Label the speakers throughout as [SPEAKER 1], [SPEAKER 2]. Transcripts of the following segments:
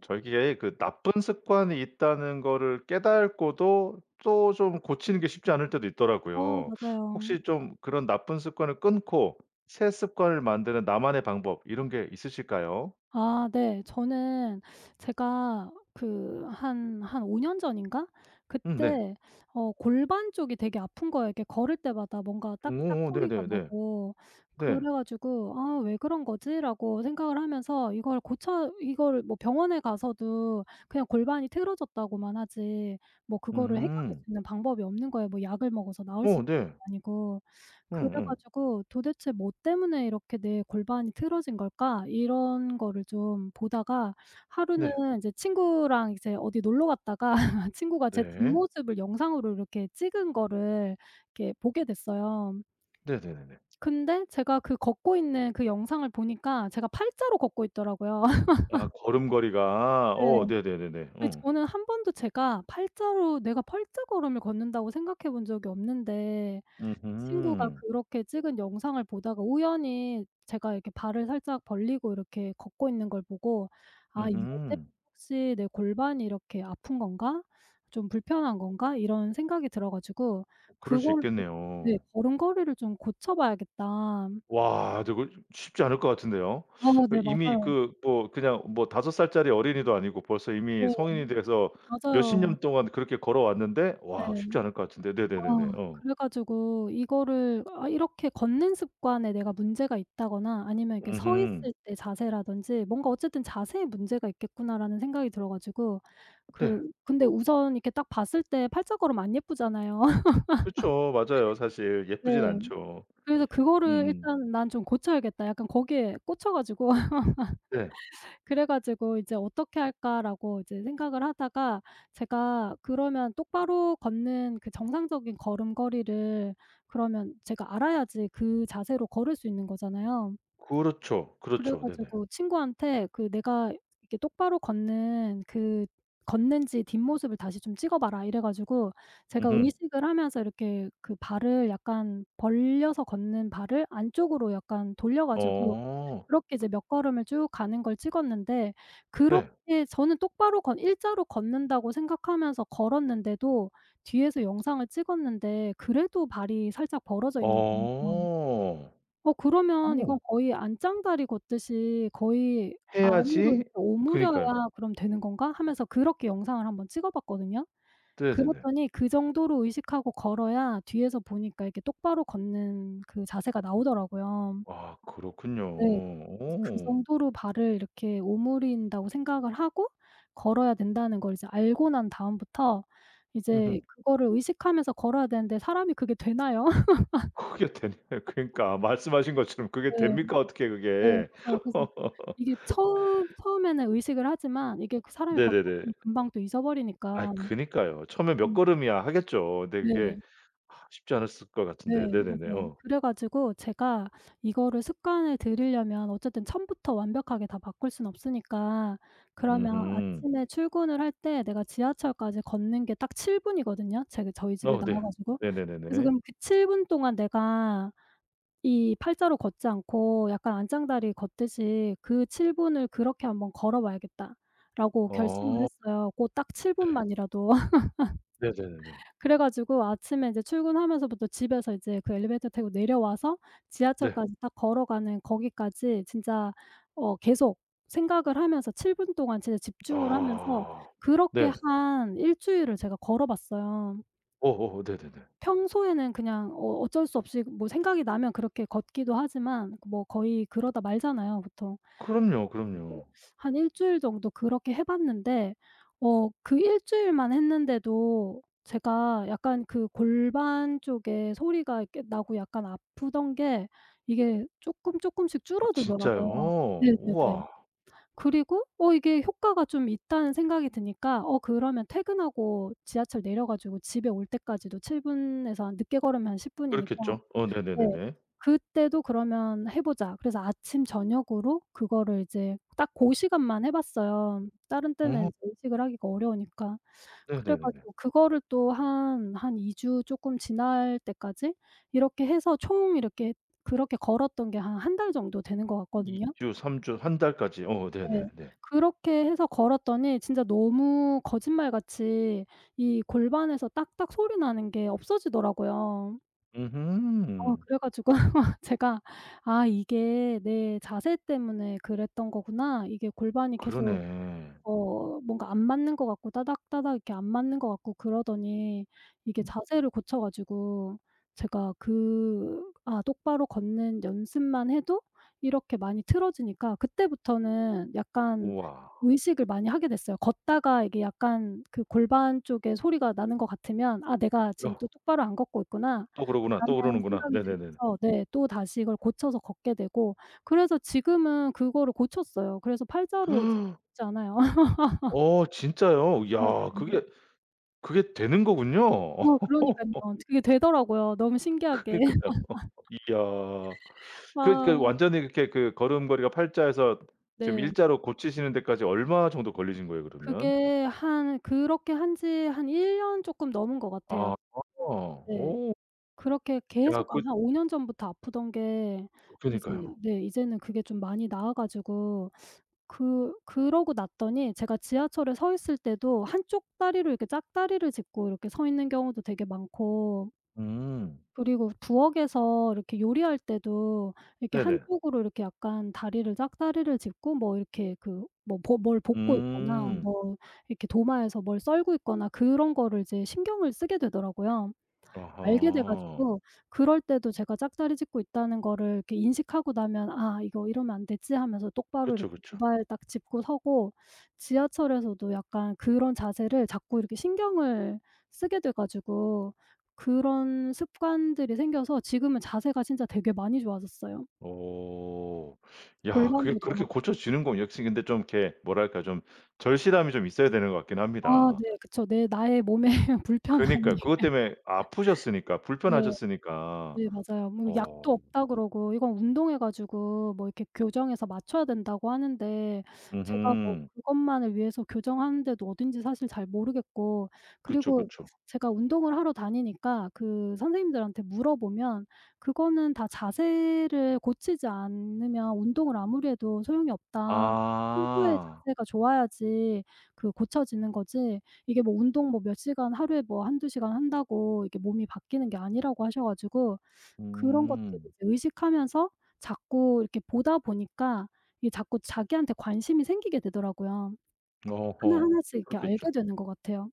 [SPEAKER 1] 저기에 그 나쁜 습관이 있다는 거를 깨닫고도 또 좀 고치는 게 쉽지 않을 때도
[SPEAKER 2] 어.
[SPEAKER 1] 있더라고요.
[SPEAKER 2] 맞아요.
[SPEAKER 1] 혹시 좀 그런 나쁜 습관을 끊고 새 습관을 만드는 나만의 방법 이런 게 있으실까요?
[SPEAKER 2] 아 네. 저는 제가 그 한 한 5 년 전인가?
[SPEAKER 1] 음. 네.
[SPEAKER 2] 그때 어 골반 쪽이 되게 아픈 거예요 이렇게 걸을 때마다 뭔가 딱딱
[SPEAKER 1] 응 어어.
[SPEAKER 2] 소리가
[SPEAKER 1] 네네네.
[SPEAKER 2] 나고. 그래
[SPEAKER 1] 네.
[SPEAKER 2] 가지고 '아 왜 그런 거지?'라고 생각을 하면서 이걸 고쳐 이걸 뭐 병원에 가서도 그냥 골반이 틀어졌다고만 하지 뭐 그거를 해결할 수
[SPEAKER 1] 음.
[SPEAKER 2] 있는 방법이 없는 거예요. 뭐 약을 먹어서 나을 수
[SPEAKER 1] 어.
[SPEAKER 2] 있는
[SPEAKER 1] 네.
[SPEAKER 2] 것도 아니고. 그래
[SPEAKER 1] 응응.
[SPEAKER 2] 가지고 '도대체 뭐 때문에 이렇게 내 골반이 틀어진 걸까?' 이런 거를 좀 보다가 하루는
[SPEAKER 1] 네.
[SPEAKER 2] 이제 친구랑 이제 어디 놀러 갔다가 친구가 제
[SPEAKER 1] 네.
[SPEAKER 2] 뒷모습을 영상으로 이렇게 찍은 거를 이렇게 보게 됐어요.
[SPEAKER 1] 네네네네.
[SPEAKER 2] 근데 제가 그 걷고 있는 그 영상을 보니까 제가 8 자로 걷고 있더라고요.
[SPEAKER 1] 아 걸음걸이가. 어.
[SPEAKER 2] 네.
[SPEAKER 1] 네네네네.
[SPEAKER 2] 근데
[SPEAKER 1] 응.
[SPEAKER 2] 저는 한 번도 제가 8 자로 내가 8 자걸음을 걷는다고 생각해 본 적이 없는데
[SPEAKER 1] 음
[SPEAKER 2] 친구가
[SPEAKER 1] 음.
[SPEAKER 2] 그렇게 찍은 영상을 보다가 우연히 제가 이렇게 발을 살짝 벌리고 이렇게 걷고 있는 걸 보고 '아
[SPEAKER 1] 음
[SPEAKER 2] 이거 때문에
[SPEAKER 1] 음.
[SPEAKER 2] 혹시 내 골반이 이렇게 아픈 건가? 좀 불편한 건가?' 이런 생각이 들어 가지고
[SPEAKER 1] 어. 그럴 수
[SPEAKER 2] 그걸 좀 네
[SPEAKER 1] 있겠네요.
[SPEAKER 2] '걸음걸이를 좀 고쳐 봐야겠다.'
[SPEAKER 1] 와. 저거 좀 쉽지 않을 것 같은데요.
[SPEAKER 2] 아. 네.
[SPEAKER 1] 이미
[SPEAKER 2] 맞아요.
[SPEAKER 1] 그 뭐 그냥 뭐 5 살짜리 어린이도 아니고 벌써 이미
[SPEAKER 2] 네.
[SPEAKER 1] 성인이 돼서 몇십
[SPEAKER 2] 맞아요.
[SPEAKER 1] 년 동안 그렇게 걸어왔는데
[SPEAKER 2] 네.
[SPEAKER 1] 와 쉽지 않을 것 같은데.
[SPEAKER 2] 아.
[SPEAKER 1] 네네네네. 어.
[SPEAKER 2] 그래 가지고 이거를 '아 이렇게 걷는 습관에 내가 문제가 있다.'거나 아니면 이렇게 '서
[SPEAKER 1] 음흠.
[SPEAKER 2] 있을 때 자세라든지 뭔가 어쨌든 자세에 문제가 있겠구나.'라는 생각이 들어 가지고 그
[SPEAKER 1] 네.
[SPEAKER 2] 근데 우선 이렇게 딱 봤을 때 8 자걸음 안 예쁘잖아요.
[SPEAKER 1] 그렇죠. 맞아요 사실.
[SPEAKER 2] 네.
[SPEAKER 1] 예쁘진 않죠.
[SPEAKER 2] 그래서 '그거를
[SPEAKER 1] 음.
[SPEAKER 2] 일단 난 좀 고쳐야겠다.' 약간 거기에 꽂혀 가지고
[SPEAKER 1] 네.
[SPEAKER 2] 그래 가지고 '이제 어떻게 할까?'라고 이제 생각을 하다가 제가 그러면 똑바로 걷는 그 정상적인 걸음걸이를 그러면 제가 알아야지 그 자세로 걸을 수 있는 거잖아요.
[SPEAKER 1] 그렇죠,
[SPEAKER 2] 그래
[SPEAKER 1] 그렇죠. 네네.
[SPEAKER 2] 가지고 친구한테 그 "내가 이렇게 똑바로 걷는 그 걷는지 뒷모습을 다시 좀 찍어 봐라." 이래 가지고 제가
[SPEAKER 1] 음흠.
[SPEAKER 2] 의식을 하면서 이렇게 그 발을 약간 벌려서 걷는 발을 안쪽으로 약간 돌려 가지고
[SPEAKER 1] 어.
[SPEAKER 2] 그렇게 이제 몇 걸음을 쭉 가는 걸 찍었는데
[SPEAKER 1] 네.
[SPEAKER 2] 그렇게 저는 똑바로 걷 1 자로 걷는다고 생각하면서 걸었는데도 뒤에서 영상을 찍었는데 그래도 발이 살짝 벌어져 있는 거예요.
[SPEAKER 1] 어.
[SPEAKER 2] '어 그러면 이건
[SPEAKER 1] 오.
[SPEAKER 2] 거의 안짱다리 걷듯이 거의 안으로 이렇게
[SPEAKER 1] 해야지
[SPEAKER 2] 오므려야
[SPEAKER 1] 그니까요.
[SPEAKER 2] 그럼 되는 건가?' 하면서 그렇게 영상을 한번 찍어 봤거든요.
[SPEAKER 1] 네네네.
[SPEAKER 2] 그랬더니 그 정도로 의식하고 걸어야 뒤에서 보니까 이렇게 똑바로 걷는 그 자세가 나오더라고요.
[SPEAKER 1] 아. 그렇군요.
[SPEAKER 2] 네. 그래서 '그
[SPEAKER 1] 어.
[SPEAKER 2] 정도로 발을 이렇게 오므린다.'고 생각을 하고 걸어야 된다는 걸 이제 알고 난 다음부터 이제
[SPEAKER 1] 으흠.
[SPEAKER 2] 그거를 의식하면서 걸어야 되는데 사람이 그게 되나요?
[SPEAKER 1] 그게 되네요. 그러니까 말씀하신 것처럼 그게
[SPEAKER 2] 네.
[SPEAKER 1] 됩니까? 어떻게
[SPEAKER 2] 네.
[SPEAKER 1] 그게.
[SPEAKER 2] 맞아요. 그래서 이게 처음 처음에는 의식을 하지만 이게 그 사람이 걷다
[SPEAKER 1] 네네네.
[SPEAKER 2] 보면 금방 또
[SPEAKER 1] 아이
[SPEAKER 2] 잊어버리니까.
[SPEAKER 1] 그러니까요. 처음에 몇
[SPEAKER 2] 음.
[SPEAKER 1] 걸음이야 하겠죠. 근데 그게
[SPEAKER 2] 네.
[SPEAKER 1] 아 쉽지 않았을 것 같은데.
[SPEAKER 2] 네.
[SPEAKER 1] 네네네.
[SPEAKER 2] 맞아요.
[SPEAKER 1] 어.
[SPEAKER 2] 그래 가지고 제가 이거를 습관을 들이려면 어쨌든 처음부터 완벽하게 다 바꿀 수는 없으니까 그러면
[SPEAKER 1] 음흠.
[SPEAKER 2] 아침에 출근을 할 때 내가 지하철까지 걷는 게 딱 7 분이거든요 제가 저희 집에
[SPEAKER 1] 어.
[SPEAKER 2] 나와
[SPEAKER 1] 네.
[SPEAKER 2] 가지고. 그래서
[SPEAKER 1] 네네네네.
[SPEAKER 2] '그럼 그 7 분 동안 내가 이 8자로 걷지 않고 약간 안짱다리 걷듯이 그 7 분을 그렇게 한번 걸어 봐야겠다.'라고 결심을
[SPEAKER 1] 어.
[SPEAKER 2] 했어요. 고 딱 7
[SPEAKER 1] 네.
[SPEAKER 2] 분만이라도.
[SPEAKER 1] 네네네네.
[SPEAKER 2] 그래 가지고 아침에 이제 출근하면서부터 집에서 이제 그 엘리베이터 타고 내려와서
[SPEAKER 1] 네.
[SPEAKER 2] 지하철까지 딱 걸어가는 거기까지 진짜 어 계속 생각을 하면서 7 분 동안 진짜 집중을 하면서
[SPEAKER 1] 아.
[SPEAKER 2] 그렇게
[SPEAKER 1] 네.
[SPEAKER 2] 한 1 주일을 제가 걸어 봤어요.
[SPEAKER 1] 어어어. 네네네.
[SPEAKER 2] 평소에는 그냥 어 어쩔 수 없이 뭐 생각이 나면 그렇게 걷기도 하지만 뭐 거의 그러다 말잖아요 보통. 그래
[SPEAKER 1] 그럼요,
[SPEAKER 2] 가지고
[SPEAKER 1] 그럼요.
[SPEAKER 2] 한 1 주일 정도 그렇게 해 봤는데 어 그 1 주일만 했는데도 제가 약간 그 골반 쪽에 소리가 이렇게 나고 약간 아프던 게 이게 쪼끔 쪼끔씩
[SPEAKER 1] 아 진짜요.
[SPEAKER 2] 줄어들더라고요. 네네네.
[SPEAKER 1] 우와.
[SPEAKER 2] 그리고 '어 이게 효과가 좀 있다.'는 생각이 드니까 어 그러면 퇴근하고 지하철 내려 가지고 집에 올 때까지도 7 분에서 한 늦게 걸으면 한 10 분이니까
[SPEAKER 1] 그렇겠죠. 어.
[SPEAKER 2] 네.
[SPEAKER 1] 네네네네.
[SPEAKER 2] '그때도 그러면 해 보자.' 그래서 아침 저녁으로 그거를 이제 딱 고 시간만 해 봤어요. 다른 때는
[SPEAKER 1] 어.
[SPEAKER 2] 이제 의식을 하기가 어려우니까. 그래
[SPEAKER 1] 네네네네.
[SPEAKER 2] 가지고 그거를 또 한, 한 2 주 쪼끔 지날 때까지 이렇게 해서 총 이렇게 그렇게 걸었던 게 한 1 달 정도 되는 것
[SPEAKER 1] 2
[SPEAKER 2] 같거든요.
[SPEAKER 1] 주 3 주 1 달까지. 어.
[SPEAKER 2] 네.
[SPEAKER 1] 네네네.
[SPEAKER 2] 그렇게 해서 걸었더니 진짜 너무 거짓말같이 이 골반에서 딱딱 소리 나는 게 없어지더라고요. 어.
[SPEAKER 1] 음흠.
[SPEAKER 2] 그래 가지고 제가 '아 이게 내 자세 때문에 그랬던 거구나.' 이게 골반이 계속
[SPEAKER 1] 그러네.
[SPEAKER 2] 어 뭔가 안 맞는 것 같고 따닥따닥 이렇게 안 맞는 것 같고 그러더니 이게 자세를 고쳐 가지고 제가 그 아 똑바로 걷는 연습만 해도 이렇게 많이 틀어지니까 그때부터는 약간
[SPEAKER 1] 우와.
[SPEAKER 2] 의식을 많이 하게 됐어요. 걷다가 이게 약간 그 골반 쪽에 소리가 나는 것 같으면 '아 내가 지금 또
[SPEAKER 1] 어.
[SPEAKER 2] 똑바로 안 걷고 있구나.'라는
[SPEAKER 1] 또 그러구나 또 그러는구나.
[SPEAKER 2] 생각이
[SPEAKER 1] 네네네네.
[SPEAKER 2] 들면서 네 또다시 이걸 고쳐서 걷게 되고. 그래서 지금은 그거를 고쳤어요. 그래서 8 자로 이제 걷지 않아요.
[SPEAKER 1] 어. 진짜요.
[SPEAKER 2] 네.
[SPEAKER 1] 야.
[SPEAKER 2] [unintelligible]
[SPEAKER 1] 그게, 그게 되는 거군요.
[SPEAKER 2] 어. 그러니깐요. 그게 되더라고요 너무
[SPEAKER 1] 그니까요.
[SPEAKER 2] 신기하게.
[SPEAKER 1] 이야
[SPEAKER 2] 아.
[SPEAKER 1] 그러니까 완전히 그렇게 그 걸음걸이가 8 자에서 지금
[SPEAKER 2] 네.
[SPEAKER 1] 1 자로 고치시는 데까지 얼마 정도 걸리신 거예요, 그러면?
[SPEAKER 2] 그게 한 그렇게 한 지 한 1 년 쪼끔 넘은 거 같아요.
[SPEAKER 1] 아
[SPEAKER 2] 네.
[SPEAKER 1] 오.
[SPEAKER 2] 그렇게
[SPEAKER 1] 야
[SPEAKER 2] 계속 한
[SPEAKER 1] 그
[SPEAKER 2] 5 년 전부터 아프던 게 이제
[SPEAKER 1] 그러니까요.
[SPEAKER 2] 네 이제는 그게 좀 많이 나아 가지고. 그 그러고 났더니 제가 지하철에 서 있을 때도 한쪽 다리로 이렇게 짝다리를 짚고 이렇게 서 있는 경우도 되게 많고
[SPEAKER 1] 음.
[SPEAKER 2] 그리고 부엌에서 이렇게 요리할 때도 이렇게
[SPEAKER 1] 네네.
[SPEAKER 2] 한쪽으로 이렇게 약간 다리를 짝다리를 짚고 뭐 이렇게 그 뭐 보 뭘 볶고 있거나
[SPEAKER 1] 음.
[SPEAKER 2] 뭐 이렇게 도마에서 뭘 썰고 있거나 그런 거를 이제 신경을 쓰게 되더라고요. 알게 돼
[SPEAKER 1] 아하.
[SPEAKER 2] 가지고 그럴 때도 제가 짝다리 짚고 있다는 거를 인식하고 나면 '아 이거 이러면 안 되지?'하면서 똑바로
[SPEAKER 1] 그쵸,
[SPEAKER 2] 이렇게 2
[SPEAKER 1] 그쵸.
[SPEAKER 2] 발을 딱 짚고 서고 지하철에서도 약간 그런 자세를 자꾸 이렇게 신경을 쓰게 돼 가지고 그런 습관들이 생겨서 지금은 자세가 진짜 되게 많이 좋아졌어요.
[SPEAKER 1] 오. 야. 그게
[SPEAKER 2] 골반도 덜
[SPEAKER 1] 그렇게
[SPEAKER 2] 아프고
[SPEAKER 1] 고쳐지는군요. 역시 근데 좀 이렇게 뭐랄까 좀 절실함이 좀 있어야 되는 것 같긴
[SPEAKER 2] 아.
[SPEAKER 1] 합니다.
[SPEAKER 2] 네. 그쵸. 네. 나의 몸에 불편함이
[SPEAKER 1] 그니까요. 그것 때문에 아프셨으니까
[SPEAKER 2] 네.
[SPEAKER 1] 불편하셨으니까.
[SPEAKER 2] 네. 맞아요. 뭐 약도
[SPEAKER 1] 어.
[SPEAKER 2] 없다 그러고 이건 운동해 가지고 뭐 이렇게 교정해서 맞춰야 된다고 하는데 제가 뭐
[SPEAKER 1] 으흠.
[SPEAKER 2] 그것만을 위해서 교정하는 데도 어딘지 사실 잘 모르겠고.
[SPEAKER 1] 그쵸,
[SPEAKER 2] 그리고
[SPEAKER 1] 그쵸.
[SPEAKER 2] 제가 운동을 하러 다니니까 그 선생님들한테 물어보면 "그거는 다 자세를 고치지 않으면 운동을 아무리 해도 소용이 없다. 평소에
[SPEAKER 1] 아.
[SPEAKER 2] 자세가 좋아야지 그 고쳐지는 거지." 이게 뭐 운동 뭐 몇 시간 하루에 뭐 1-2 시간 한다고 이게 몸이 바뀌는 게 아니라고 하셔 가지고 그런 것들을
[SPEAKER 1] 음.
[SPEAKER 2] 이제 의식하면서 자꾸 이렇게 보다 보니까 이게 자꾸 자기한테 관심이 생기게 되더라고요.
[SPEAKER 1] 어허.
[SPEAKER 2] 하나하나씩 이렇게
[SPEAKER 1] 그렇겠죠.
[SPEAKER 2] 알게 되는 것 같아요.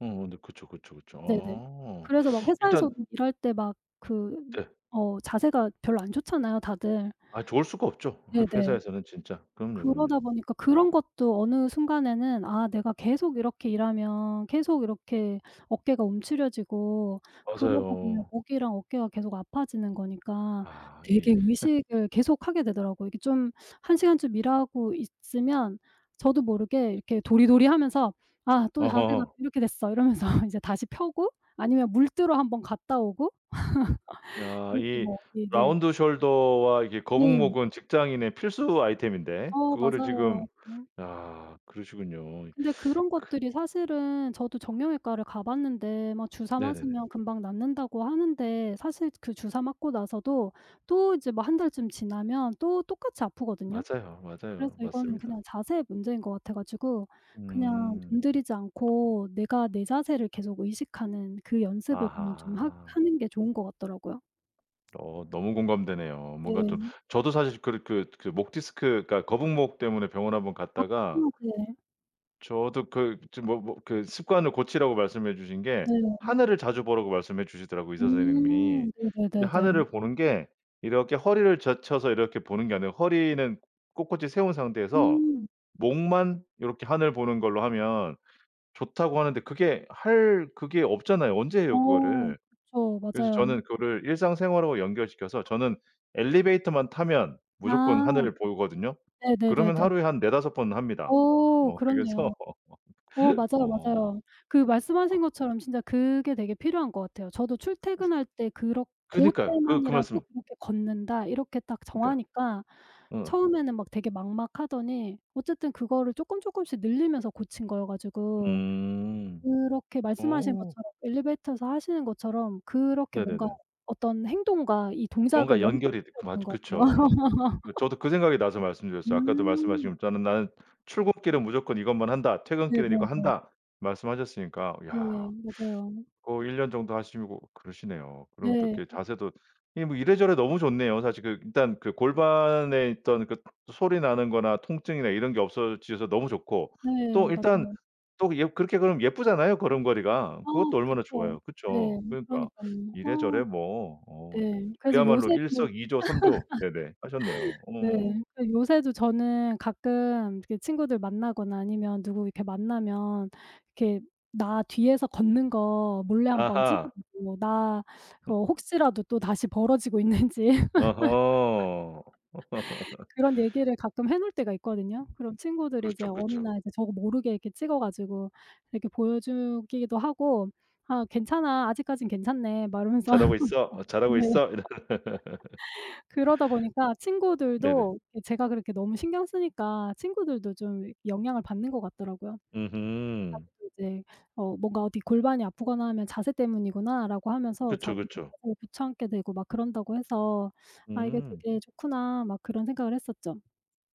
[SPEAKER 1] 어 네 그쵸, 그쵸, 그쵸.
[SPEAKER 2] 네네.
[SPEAKER 1] 아.
[SPEAKER 2] 그래서 막
[SPEAKER 1] 일단
[SPEAKER 2] 회사에서도 일할 때 막 그
[SPEAKER 1] 네.
[SPEAKER 2] 어 자세가 별로 안 좋잖아요 다들.
[SPEAKER 1] 아 좋을 수가 없죠. 화
[SPEAKER 2] 네네.
[SPEAKER 1] 회사에서는 진짜. 그럼요,
[SPEAKER 2] 그러다
[SPEAKER 1] 그럼요.
[SPEAKER 2] 보니까 그런 것도 어느 순간에는 아 내가 계속 이렇게 일하면 계속 이렇게 어깨가 움츠려지고 그러다 보면
[SPEAKER 1] 맞아요.
[SPEAKER 2] 목이랑 어깨가 계속 아파지는 거니까
[SPEAKER 1] 아 이
[SPEAKER 2] 되게 의식을 계속하게 되더라고요. 이게 좀 1 시간쯤 일하고 있으면 저도 모르게 이렇게 도리도리 하면서 '아 또 자세가
[SPEAKER 1] 어허허.
[SPEAKER 2] 이렇게 됐어.' 이러면서 이제 다시 펴고 아니면 물 뜨러 한번 갔다 오고
[SPEAKER 1] 야
[SPEAKER 2] 이렇게
[SPEAKER 1] 이
[SPEAKER 2] 뭐 네네.
[SPEAKER 1] 라운드 숄더와 이게
[SPEAKER 2] 네.
[SPEAKER 1] 거북목은 직장인의 필수 아이템인데
[SPEAKER 2] 어
[SPEAKER 1] 그거를
[SPEAKER 2] 맞아요.
[SPEAKER 1] 지금
[SPEAKER 2] 음.
[SPEAKER 1] 야 그러시군요.
[SPEAKER 2] 근데 그런
[SPEAKER 1] 그
[SPEAKER 2] 것들이 사실은 저도 정형외과를 가 봤는데 막 주사
[SPEAKER 1] 네네네.
[SPEAKER 2] 맞으면 금방 낫는다고 하는데 사실 그 주사 맞고 나서도 또 이제 뭐 1 달쯤 지나면 또 똑같이 아프거든요.
[SPEAKER 1] 맞아요,
[SPEAKER 2] 그래서
[SPEAKER 1] 맞아요.
[SPEAKER 2] 이거는
[SPEAKER 1] 맞습니다.
[SPEAKER 2] 그냥 자세의 문제인 것 같아 가지고 그냥
[SPEAKER 1] 음.
[SPEAKER 2] 돈 들이지 않고 내가 내 자세를 계속 의식하는 그 연습을 그냥 좀 하
[SPEAKER 1] 아하.
[SPEAKER 2] 하는 게 좋은 것 같더라고요.
[SPEAKER 1] 어 너무 공감되네요. 뭔가 좀
[SPEAKER 2] 네.
[SPEAKER 1] 저도 사실 그렇 그 그 목 디스크가 거북목 때문에 병원 한번
[SPEAKER 2] 아
[SPEAKER 1] 갔다가
[SPEAKER 2] 네.
[SPEAKER 1] 저도 그 지금 뭐 뭐 그 습관을 고치라고 말씀해 주신 게
[SPEAKER 2] 네.
[SPEAKER 1] 하늘을 자주 보라고 말씀해 주시더라고요 의사 선생님이.
[SPEAKER 2] 음
[SPEAKER 1] 근데
[SPEAKER 2] 네네네네.
[SPEAKER 1] 하늘을 보는 게 이렇게 허리를 젖혀서 이렇게 보는 게 아니라 허리는 꼿꼿이 세운 상태에서
[SPEAKER 2] 음.
[SPEAKER 1] 목만 요렇게 하늘 보는 걸로 하면 좋다고 하는데 그게 할 그게 없잖아요. 언제 해요
[SPEAKER 2] 어
[SPEAKER 1] 그거를.
[SPEAKER 2] 그쵸.
[SPEAKER 1] 그래서
[SPEAKER 2] 맞아요.
[SPEAKER 1] 저는 그거를 일상생활하고 연결시켜서 저는 엘리베이터만 타면 무조건
[SPEAKER 2] 아.
[SPEAKER 1] 하늘을 보거든요. 그러면
[SPEAKER 2] 네네네네.
[SPEAKER 1] 하루에 한 4-5 번 합니다.
[SPEAKER 2] 어
[SPEAKER 1] 뭐 그래서
[SPEAKER 2] 그렇네요. 어 맞아요,
[SPEAKER 1] 어.
[SPEAKER 2] 맞아요. 그
[SPEAKER 1] 아
[SPEAKER 2] 말씀하신 것처럼 진짜 그게 되게 필요한 것 같아요. 저도 출퇴근할 때 그렇
[SPEAKER 1] 그니까요. 그, 그
[SPEAKER 2] '고때만이라도
[SPEAKER 1] 말씀
[SPEAKER 2] 그렇게 걷는다.' 이렇게 딱
[SPEAKER 1] 그러니까.
[SPEAKER 2] 정하니까
[SPEAKER 1] 응.
[SPEAKER 2] 처음에는 막 되게 막막하더니 어쨌든 그거를 쪼끔, 쪼끔씩 늘리면서 고친 거여 가지고
[SPEAKER 1] 음
[SPEAKER 2] 그렇게 말씀하신
[SPEAKER 1] 어.
[SPEAKER 2] 것처럼 엘리베이터에서 하시는 것처럼 그렇게 뭔가
[SPEAKER 1] 네네네.
[SPEAKER 2] 어떤 행동과 이 동작을
[SPEAKER 1] 뭔가 연결이 되
[SPEAKER 2] 연결시켜야 되는
[SPEAKER 1] 맞
[SPEAKER 2] 것 같아요.
[SPEAKER 1] 그쵸. 네 저도 그 생각이 나서 말씀드렸어요. 아까도
[SPEAKER 2] 음.
[SPEAKER 1] 말씀하시고 저는 "나는 출근길은 무조건 이것만 한다. 퇴근길은 이거
[SPEAKER 2] 네네네.
[SPEAKER 1] 한다." 말씀하셨으니까
[SPEAKER 2] 네
[SPEAKER 1] 야.
[SPEAKER 2] 맞아요.
[SPEAKER 1] 어 1 년 정도 하시고 그러시네요. 그럼 또 이렇게
[SPEAKER 2] 네.
[SPEAKER 1] 자세도 뭐 이래저래 너무 좋네요. 사실 그 일단 그 골반에 있던 그 소리 나는 거나 통증이나 이런 게 없어지셔서 너무 좋고
[SPEAKER 2] 네
[SPEAKER 1] 또 일단
[SPEAKER 2] 맞아요.
[SPEAKER 1] 또 예 그렇게 그러면 예쁘잖아요 걸음걸이가.
[SPEAKER 2] 아
[SPEAKER 1] 그것도 얼마나
[SPEAKER 2] 그쵸.
[SPEAKER 1] 좋아요.
[SPEAKER 2] 네.
[SPEAKER 1] 그쵸. 그러니까
[SPEAKER 2] 그러니깐요. 아.
[SPEAKER 1] 이래저래 뭐 어 그
[SPEAKER 2] 네 그래서 요새
[SPEAKER 1] 그야말로
[SPEAKER 2] 또
[SPEAKER 1] 일석이조, 삼조 네네 하셨네요. 어.
[SPEAKER 2] 네. 그래서 요새도 저는 가끔 이렇게 친구들 만나거나 아니면 누구 이렇게 만나면 이렇게 "나 뒤에서 걷는 거 몰래 한번 찍어
[SPEAKER 1] 아하.
[SPEAKER 2] 보고 나 어 혹시라도 또다시 벌어지고 있는지."
[SPEAKER 1] 어허.
[SPEAKER 2] 그런 얘기를 가끔 해 놓을 때가 있거든요. 그런 친구들이 이제
[SPEAKER 1] 그렇죠,
[SPEAKER 2] 어느
[SPEAKER 1] 그쵸.
[SPEAKER 2] 날 저도 모르게 이렇게 찍어 가지고 이렇게 보여 주기도 하고 "아 괜찮아. 아직까진 괜찮네." 막 이러면서
[SPEAKER 1] '잘하고 있어. 어 잘하고
[SPEAKER 2] 네.
[SPEAKER 1] 있어.' 이런.
[SPEAKER 2] 그러다 보니까
[SPEAKER 1] 네네.
[SPEAKER 2] 친구들도 이 제가 그렇게 너무 신경 쓰니까 친구들도 좀 영향을 받는 것 같더라고요.
[SPEAKER 1] 으흠.
[SPEAKER 2] 자기도 이제 어 뭔가 어디 골반이 아프거나 하면 '자세 때문이구나.'라고 하면서
[SPEAKER 1] 그쵸,
[SPEAKER 2] 자기들도
[SPEAKER 1] 그쵸.
[SPEAKER 2] 고쳐 앉게 되고 막 그런다고 해서 '아 이게
[SPEAKER 1] 음.
[SPEAKER 2] 되게 좋구나.' 막 그런 생각을 했었죠.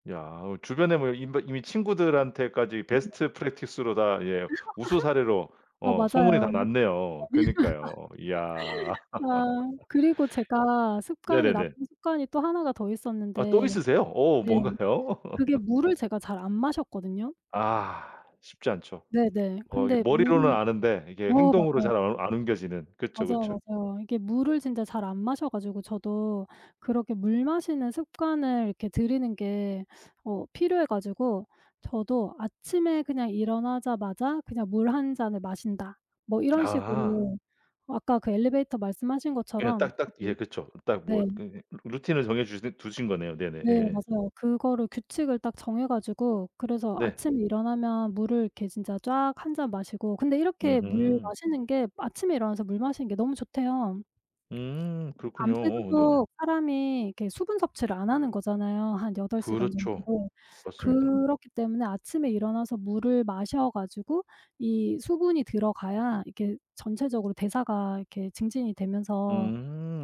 [SPEAKER 1] 야 어 주변에 뭐 임 버 이미 친구들한테까지
[SPEAKER 2] [unintelligible]
[SPEAKER 1] 베스트 프랙티스로 다 예 우수 사례로
[SPEAKER 2] 어
[SPEAKER 1] 어 소문이 다
[SPEAKER 2] 맞아요.
[SPEAKER 1] 났네요. 그니까요. 이야.
[SPEAKER 2] 아 그리고 제가 습관이
[SPEAKER 1] 네네네.
[SPEAKER 2] 나쁜 습관이 또 1 가 더
[SPEAKER 1] 아 또
[SPEAKER 2] 있었는데,
[SPEAKER 1] 있으세요? 어
[SPEAKER 2] 네
[SPEAKER 1] 뭔가요?
[SPEAKER 2] 그게 물을 제가 잘 안 마셨거든요.
[SPEAKER 1] 아 쉽지 않죠.
[SPEAKER 2] 네네.
[SPEAKER 1] 어 이게
[SPEAKER 2] 근데
[SPEAKER 1] 머리로는
[SPEAKER 2] 물을
[SPEAKER 1] 아는데 이게
[SPEAKER 2] 어
[SPEAKER 1] 행동으로
[SPEAKER 2] 맞아요.
[SPEAKER 1] 잘 안 안 옮겨지는 그쵸, 그쵸.
[SPEAKER 2] 맞아요, 맞아요. 이게 물을 진짜 잘 안 마셔 가지고 저도 그렇게 물 마시는 습관을 이렇게 들이는 게 어 필요해 가지고 저도 '아침에 그냥 일어나자마자 그냥 물 1 잔을 마신다.' 뭐 이런
[SPEAKER 1] 아하.
[SPEAKER 2] 식으로 아까 그 엘리베이터 말씀하신
[SPEAKER 1] 그냥
[SPEAKER 2] 것처럼
[SPEAKER 1] 딱 딱
[SPEAKER 2] 저도
[SPEAKER 1] 예 그쵸. 그 딱 뭐
[SPEAKER 2] 네.
[SPEAKER 1] 그 응 루틴을 정해 주시듯 두신 거네요. 네네
[SPEAKER 2] 네,
[SPEAKER 1] 예예.
[SPEAKER 2] 맞아요. 그거를 규칙을 딱 정해 가지고 그래서
[SPEAKER 1] 네.
[SPEAKER 2] 아침 일어나면 물을 이렇게 진짜 쫙 1 잔 마시고 근데 이렇게 물
[SPEAKER 1] 으흠.
[SPEAKER 2] 마시는 게 아침에 일어나서 물 마시는 게 너무 좋대요.
[SPEAKER 1] 음 그렇군요. 어어 네네.
[SPEAKER 2] 밤새도록 사람이 그 수분 섭취를 안 하는 거잖아요, 한 8 시간
[SPEAKER 1] 그렇죠.
[SPEAKER 2] 정도.
[SPEAKER 1] 맞습니다.
[SPEAKER 2] 그렇기 때문에 아침에 일어나서 물을 마셔 가지고 이 수분이 들어가야 이렇게 전체적으로 대사가 이렇게 증진이 되면서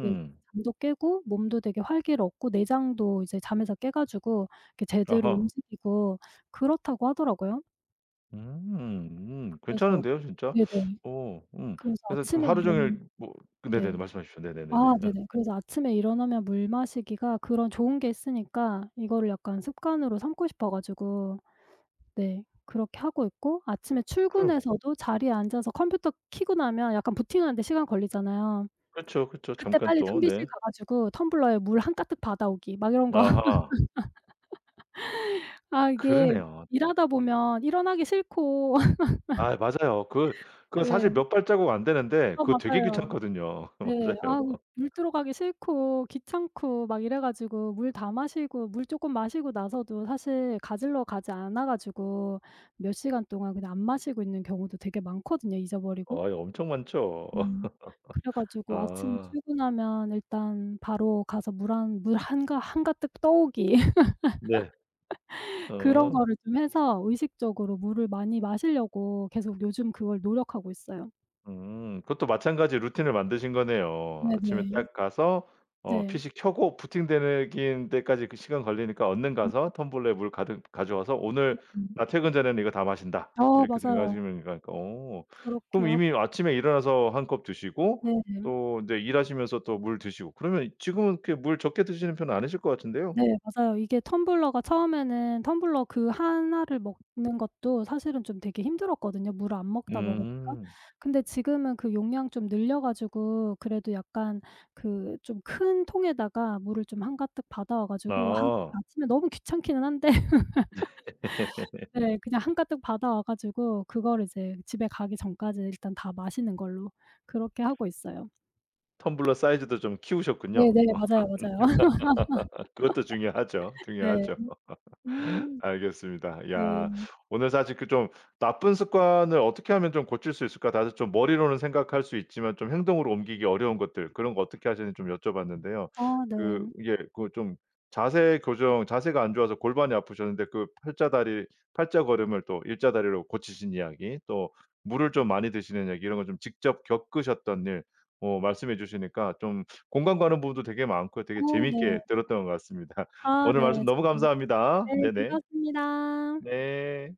[SPEAKER 2] 그 잠도 깨고 몸도 되게 활기를 얻고 내장도 이제 잠에서 깨 가지고 제대로
[SPEAKER 1] 아하.
[SPEAKER 2] 움직이고 그렇다고 하더라고요.
[SPEAKER 1] 음. 음
[SPEAKER 2] 그래서
[SPEAKER 1] 괜찮은데요, 진짜.
[SPEAKER 2] 네네
[SPEAKER 1] 어 음.
[SPEAKER 2] 그래서
[SPEAKER 1] 그래서 좀
[SPEAKER 2] 아침에
[SPEAKER 1] 하루
[SPEAKER 2] 이런
[SPEAKER 1] 종일 뭐 네네네.
[SPEAKER 2] 네.
[SPEAKER 1] 말씀하십시오. 네네네네.
[SPEAKER 2] 아
[SPEAKER 1] 어.
[SPEAKER 2] 네네. 그래서 아침에 일어나면 물 마시기가 그런 좋은 게 있으니까 이거를 약간 습관으로 삼고 싶어 가지고 네 그렇게 하고 있고 아침에
[SPEAKER 1] 그럼.
[SPEAKER 2] 출근해서도 자리에 앉아서 컴퓨터 켜고 나면 약간 부팅하는 데 시간 걸리잖아요.
[SPEAKER 1] 그렇죠, 그렇죠.
[SPEAKER 2] 그때
[SPEAKER 1] 잠깐
[SPEAKER 2] 빨리
[SPEAKER 1] 또
[SPEAKER 2] 탕비실
[SPEAKER 1] 네.
[SPEAKER 2] 가 가지고 '텀블러에 물 한가득 받아오기.' 막 이런 거
[SPEAKER 1] 아하.
[SPEAKER 2] 아 이게
[SPEAKER 1] 그러네요.
[SPEAKER 2] 일하다 보면 일어나기 싫고
[SPEAKER 1] 아. 맞아요. 그 그거
[SPEAKER 2] 네.
[SPEAKER 1] 사실 몇 발자국 안 되는데
[SPEAKER 2] 아
[SPEAKER 1] 그거 되게
[SPEAKER 2] 맞아요.
[SPEAKER 1] 귀찮거든요.
[SPEAKER 2] 네.
[SPEAKER 1] 맞아요.
[SPEAKER 2] 아 물 뜨러 가기 싫고 귀찮고 막 이래 가지고 물 다 마시고 물 쪼끔 마시고 나서도 사실 가지러 가지 않아 가지고 몇 시간 동안 그냥 안 마시고 있는 경우도 되게 많거든요 잊어버리고.
[SPEAKER 1] 아이 엄청 많죠.
[SPEAKER 2] 음 그래 가지고 아침
[SPEAKER 1] 아.
[SPEAKER 2] 출근하면 일단 바로 가서 '물 한 물 한가 한가득 떠 오기.'
[SPEAKER 1] 네.
[SPEAKER 2] 그런
[SPEAKER 1] 어.
[SPEAKER 2] 거를 좀 해서 의식적으로 물을 많이 마시려고 계속 요즘 그걸 노력하고 있어요.
[SPEAKER 1] 음 그것도 마찬가지로 루틴을 만드신 거네요. 아침에
[SPEAKER 2] 네네.
[SPEAKER 1] 딱 가서 어
[SPEAKER 2] 네.
[SPEAKER 1] PC 켜고 부팅되는 긴 때까지 그 시간 걸리니까 얼른
[SPEAKER 2] 음.
[SPEAKER 1] 가서 텀블러 물 가득 가져와서 '오늘
[SPEAKER 2] 네.
[SPEAKER 1] 나 퇴근 전에는 이거 다 마신다.'
[SPEAKER 2] 어
[SPEAKER 1] 이렇게
[SPEAKER 2] 맞아요.
[SPEAKER 1] 생각하시면 이건 어
[SPEAKER 2] 그렇게
[SPEAKER 1] 그럼
[SPEAKER 2] 하고
[SPEAKER 1] 이미 아침에 일어나서 1 컵 드시고
[SPEAKER 2] 네네.
[SPEAKER 1] 또 인제 일하시면서 또 물 드시고 그러면 지금은 그렇게 물 적게 드시는 편은 아니실 것 같은데요.
[SPEAKER 2] 네. 맞아요. 이게 텀블러가 처음에는 텀블러 그 1 를 먹는 것도 사실은 좀 되게 힘들었거든요 물을 안 먹다 먹으니까.
[SPEAKER 1] 음.
[SPEAKER 2] 근데 지금은 그 용량 좀 늘려 가지고 그래도 약간 그 좀 큰 통에다가 물을 좀 한가득 받아와 가지고 아 그게
[SPEAKER 1] 아.
[SPEAKER 2] 아침에 너무 귀찮기는 한데 네 그냥 한가득 받아와 가지고 그거를 이제 집에 가기 전까지 일단 다 마시는 걸로 그렇게 하고 있어요.
[SPEAKER 1] 텀블러 사이즈도 좀 키우셨군요.
[SPEAKER 2] 네네. 맞아요, 맞아요.
[SPEAKER 1] 그것도 중요하죠,
[SPEAKER 2] 네.
[SPEAKER 1] 중요하죠.
[SPEAKER 2] 음
[SPEAKER 1] 알겠습니다.
[SPEAKER 2] 네.
[SPEAKER 1] 야 오늘 사실 그 좀 '나쁜 습관을 어떻게 하면 좀 고칠 수 있을까?' 다들 좀 머리로는 생각할 수 있지만 좀 행동으로 옮기기 어려운 것들 그런 거 어떻게 하시는지 좀 여쭤 봤는데요.
[SPEAKER 2] 아
[SPEAKER 1] 그
[SPEAKER 2] 네.
[SPEAKER 1] 이게 그 좀 자세 교정 자세가 안 좋아서 골반이 아프셨는데 그 팔자 다리 팔자걸음을 또 일자 다리로 고치신 이야기 또 물을 좀 많이 드시는 얘기 이런 거 좀 직접 겪으셨던 일, 어 말씀해 주시니까 좀 공감 가는 부분도 되게 많고요. 되게
[SPEAKER 2] 어 네.
[SPEAKER 1] 재밌게 들었던 것 같습니다.
[SPEAKER 2] 아
[SPEAKER 1] 오늘 말씀
[SPEAKER 2] 네.
[SPEAKER 1] 너무
[SPEAKER 2] [unintelligible]
[SPEAKER 1] 감사합니다.
[SPEAKER 2] 네.
[SPEAKER 1] 네네.
[SPEAKER 2] 즐거웠습니다.
[SPEAKER 1] 네.